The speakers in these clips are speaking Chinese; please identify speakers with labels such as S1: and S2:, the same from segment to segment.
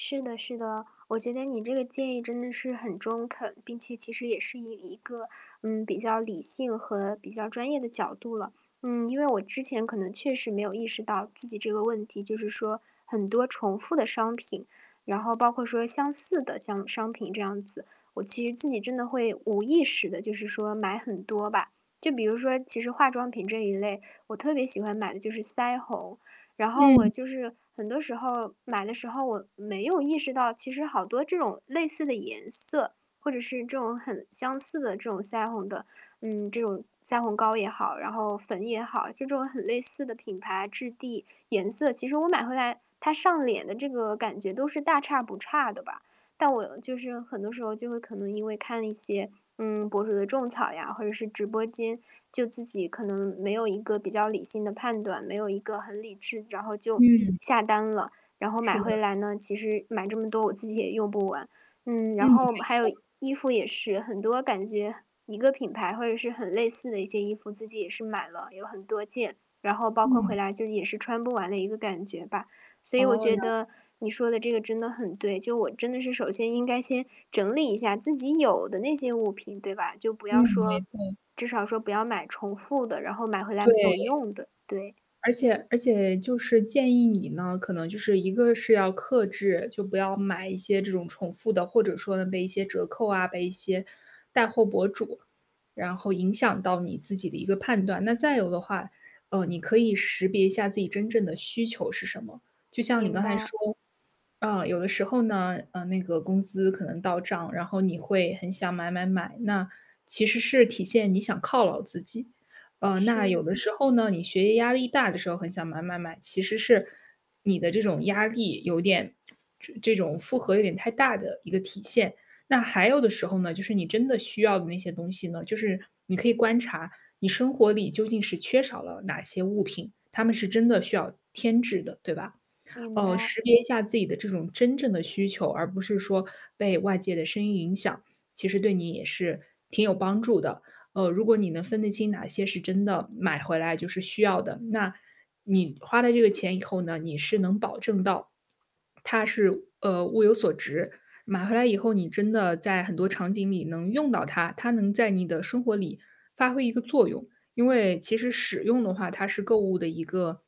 S1: 是的是的，我觉得你这个建议真的是很中肯，并且其实也是以一个，嗯，比较理性和比较专业的角度了。嗯，因为我之前可能确实没有意识到自己这个问题，就是说很多重复的商品，然后包括说相似的这样的商品这样子，我其实自己真的会无意识地就是说买很多吧。就比如说其实化妆品这一类，我特别喜欢买的就是腮红。然后我
S2: 嗯。
S1: 就是很多时候买的时候我没有意识到，其实好多这种类似的颜色，或者是这种很相似的这种腮红的，嗯，这种腮红膏也好，然后粉也好，这种很类似的品牌、质地、颜色。其实我买回来，它上脸的这个感觉都是大差不差的吧。但我就是，很多时候就会可能因为看了一些，嗯，博主的种草呀，或者是直播间，就自己可能没有一个比较理性的判断，没有一个很理智然后就
S2: 嗯。
S1: 下单了。然后
S2: 是
S1: 买
S2: 的。
S1: 回来呢，其实买这么多，我自己也用不完。嗯，
S2: 嗯，
S1: 然后
S2: 没
S1: 还有
S2: 错。
S1: 衣服也是，很多感觉一个品牌或者是很类似的一些衣服，自己也是买了有很多件，然后包括回
S2: 嗯。
S1: 来就也是穿不完的一个感觉吧。所以我
S2: 哦，了
S1: 觉
S2: 解。
S1: 得，你说的这个真的很对，就我真的是首先应该先整理一下自己有的那些物品，对吧？就不
S2: 嗯，
S1: 要
S2: 没
S1: 说
S2: 错。
S1: 至少说不要买重复的，然后买回来没有
S2: 对。
S1: 用的，对。
S2: 而且而且就是建议你呢，可能就是一个是要克制，就不要买一些这种重复的，或者说呢，被一些折扣啊，被一些带货博主，然后影响到你自己的一个判断。那再有的话，嗯，你可以识别一下自己真正的需求是什么。就像你
S1: 明
S2: 刚才
S1: 白。
S2: 说，啊，有的时候呢，嗯，那个工资可能到账，然后你会很想买买买，那，其实是体现你想犒劳自己。嗯，那有
S1: 是。
S2: 的时候呢，你学业压力大的时候很想买买买，其实是你的这种压力有点这这种负荷有点太大的一个体现。那还有的时候呢，就是你真的需要的那些东西呢，就是你可以观察，你生活里究竟是缺少了哪些物品，它们是真的需要添置的，对吧？
S1: 明
S2: 嗯，
S1: 白。
S2: 识别一下自己的这种真正的需求，而不是说被外界的声音影响，其实对你也是挺有帮助的。嗯，如果你能分得清哪些是真的买回来就是需要的，那，你花了这个钱以后呢，你是能保证到，它是，呃，物有所值。买回来以后你真的在很多场景里能用到它，它能在你的生活里发挥一个作用。因为其实使用的话，它是购物的一个，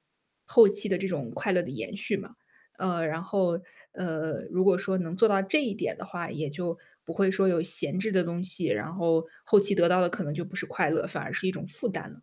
S2: 后期的这种快乐的延续嘛。呃，然后，呃，如果说能做到这一点的话，也就不会说有闲置的东西，然后，后期得到的可能就不是快乐，反而是一种负担了。